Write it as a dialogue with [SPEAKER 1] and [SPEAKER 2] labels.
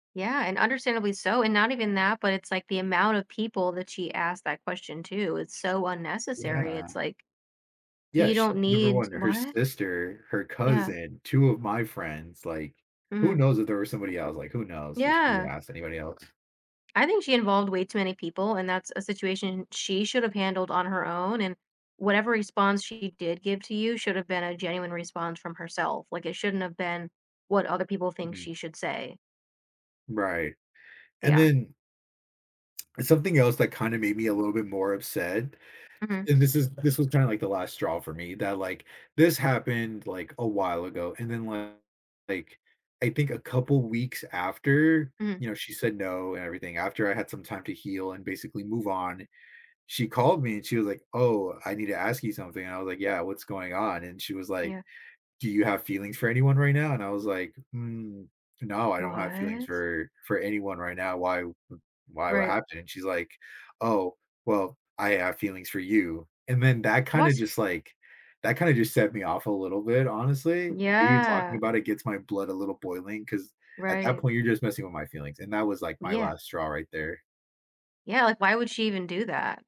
[SPEAKER 1] Yeah, and understandably so, and not even that, but it's like the amount of people that she asked that question to, it's so unnecessary,
[SPEAKER 2] Yeah.
[SPEAKER 1] it's like,
[SPEAKER 2] Yeah,
[SPEAKER 1] you
[SPEAKER 2] she
[SPEAKER 1] don't
[SPEAKER 2] number
[SPEAKER 1] need
[SPEAKER 2] 1, her
[SPEAKER 1] what?
[SPEAKER 2] sister, her
[SPEAKER 1] Yeah.
[SPEAKER 2] cousin, 2 of my friends, like, who
[SPEAKER 1] Mhm.
[SPEAKER 2] knows if there was somebody else? Like, who knows if she even
[SPEAKER 1] Yeah.
[SPEAKER 2] asked anybody else?
[SPEAKER 1] I think she involved way too many people, and that's a situation she should have handled on her own, and whatever response she did give to you should've been a genuine response from herself. Like, it shouldn't have been what other people think
[SPEAKER 2] Mhm.
[SPEAKER 1] she should say.
[SPEAKER 2] Right. And
[SPEAKER 1] Yeah.
[SPEAKER 2] then and something else that kinda made me a little bit more upset,
[SPEAKER 1] Mhm.
[SPEAKER 2] and this is this was kinda, like, the last straw for me that, like, this happened, like, a while ago, and then, [unintelligible] like, I think a couple weeks after-
[SPEAKER 1] Mhm.
[SPEAKER 2] you know, she said no and everything- after I had some time to heal and basically move on, she called me, and she was like, "Oh, I need to ask you something," and I was like, "Yeah, what's going on?" and she was like,
[SPEAKER 1] Yeah.
[SPEAKER 2] "Do you have feelings for anyone right now?" and I was like, "N No, I don't have feelings
[SPEAKER 1] What?
[SPEAKER 2] for for anyone right now, why why, what
[SPEAKER 1] Right.
[SPEAKER 2] happened?" and she's like, "Oh, well, I have feelings for you." And then that kinda
[SPEAKER 1] What?
[SPEAKER 2] just, like, that kinda just set me off a little bit, honestly. Even talking
[SPEAKER 1] Yeah.
[SPEAKER 2] about it gets my blood a little boiling, 'cause at that
[SPEAKER 1] Right.
[SPEAKER 2] point, you're just messing with my feelings, and that was, like, my
[SPEAKER 1] Yeah.
[SPEAKER 2] last straw right there.
[SPEAKER 1] Yeah, like, why would she even do that?